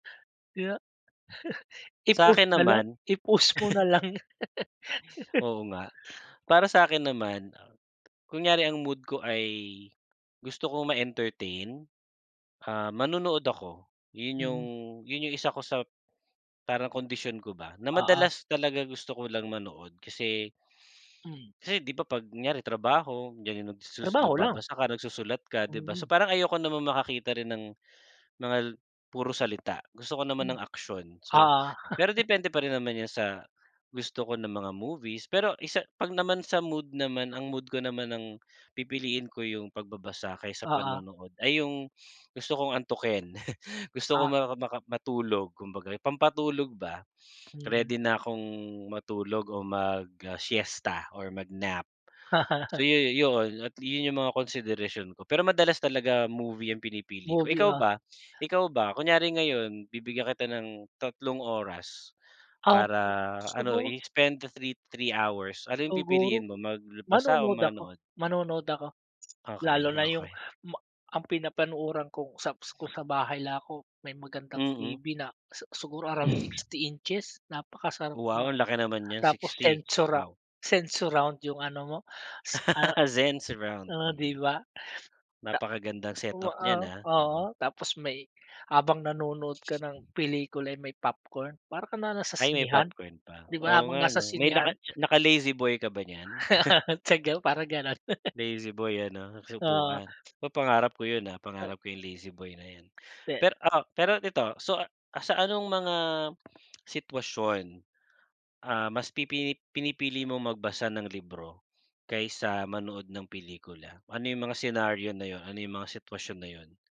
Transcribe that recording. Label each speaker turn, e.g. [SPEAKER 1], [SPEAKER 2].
[SPEAKER 1] Kaya
[SPEAKER 2] Sa
[SPEAKER 1] i-pause
[SPEAKER 2] akin
[SPEAKER 1] na lang
[SPEAKER 2] naman.
[SPEAKER 1] i-pause mo nalang.
[SPEAKER 2] Oo nga. Para sa'kin naman, uh, kunyari ang mood ko ay gusto ko ma-entertain, ah, manonood ako. Yun yung
[SPEAKER 1] Mm.
[SPEAKER 2] yun yung isa ko sa parang kondisyon ko ba na
[SPEAKER 1] Oo.
[SPEAKER 2] madalas talaga gusto ko lang manood kasi
[SPEAKER 1] Hmm.
[SPEAKER 2] kasi di ba 'pag kunyari trabaho, yan yung nagsusus
[SPEAKER 1] Trabaho lang.
[SPEAKER 2] nagbabasa ka, nagsusulat ka, di ba? So,
[SPEAKER 1] Oo.
[SPEAKER 2] parang ayoko namang makakita rin ng mga puro salita, gusto ko naman
[SPEAKER 1] Hmm.
[SPEAKER 2] ng aksyon. So,
[SPEAKER 1] Oo.
[SPEAKER 2] pero depende pa rin naman yan sa gusto ko na mga movies. Pero isa 'pag naman sa mood naman, ang mood ko naman, ang pipiliin ko yung pagbabasa kaysa
[SPEAKER 1] Oo.
[SPEAKER 2] panonood ay yung gusto kong antukin, gusto ko
[SPEAKER 1] Ah.
[SPEAKER 2] maka maka matulog kumbaga, yung pampatulog ba,
[SPEAKER 1] Mm.
[SPEAKER 2] ready na akong matulog o mag-siesta or mag-nap. So, yu yu yoon, yun yung mga konsiderasyon ko. Pero madalas talaga movie ang pinipili ko.
[SPEAKER 1] Movie,
[SPEAKER 2] Ikaw
[SPEAKER 1] ah.
[SPEAKER 2] ba ikaw ba, kunyari ngayon, bibigyan kita ng tatlong oras para
[SPEAKER 1] Okey,
[SPEAKER 2] ano,
[SPEAKER 1] sugo
[SPEAKER 2] i-spend the 3, 3 hours, ano yung
[SPEAKER 1] Siguro,
[SPEAKER 2] pipiliin mo magla basa o
[SPEAKER 1] manonood ako,
[SPEAKER 2] manood?
[SPEAKER 1] manonood ako lalo
[SPEAKER 2] Okey,
[SPEAKER 1] na yung
[SPEAKER 2] okey.
[SPEAKER 1] ma ang pinapanooran kong saps ko sa bahay lang ako, may magandang
[SPEAKER 2] Mm.
[SPEAKER 1] TV na si siguro around 60 inches, napakasarap ma
[SPEAKER 2] Wow! Ang laki naman niyan,
[SPEAKER 1] tapos
[SPEAKER 2] 60?
[SPEAKER 1] sensora
[SPEAKER 2] Wow!
[SPEAKER 1] sensurround yung ano mo s ah,
[SPEAKER 2] Zen surround,
[SPEAKER 1] ah, di
[SPEAKER 2] mm.
[SPEAKER 1] ba, ta
[SPEAKER 2] Napakagandang
[SPEAKER 1] o
[SPEAKER 2] set-up
[SPEAKER 1] a
[SPEAKER 2] niyan, ah,
[SPEAKER 1] oo,
[SPEAKER 2] oo.
[SPEAKER 1] tapos may habang nanonood ka ng pelikula eh, may popcorn, para ka na nasa
[SPEAKER 2] Ay, may
[SPEAKER 1] sinehan,
[SPEAKER 2] popcorn pa?
[SPEAKER 1] di ba,
[SPEAKER 2] Oo,
[SPEAKER 1] habang
[SPEAKER 2] nga
[SPEAKER 1] nasa
[SPEAKER 2] 'no? May laka
[SPEAKER 1] sinehan?
[SPEAKER 2] naka-lazy boy ka ba niyan?
[SPEAKER 1] Single, parang gano'n.
[SPEAKER 2] Lazy boy ano, tapos
[SPEAKER 1] Oo.
[SPEAKER 2] upuan? Pa pangarap ko yun, ah,
[SPEAKER 1] Uh.
[SPEAKER 2] pangarap ko yung lazy boy na yan.
[SPEAKER 1] Pe
[SPEAKER 2] Pero, ah, pero ito so uh, sa anong mga sitwasyon, ah, mas pipini pinipili mong magbasa ng libro kaysa manood ng pelikula? Ano yung mga senaryo na yun? Ano yung mga sitwasyon na yun?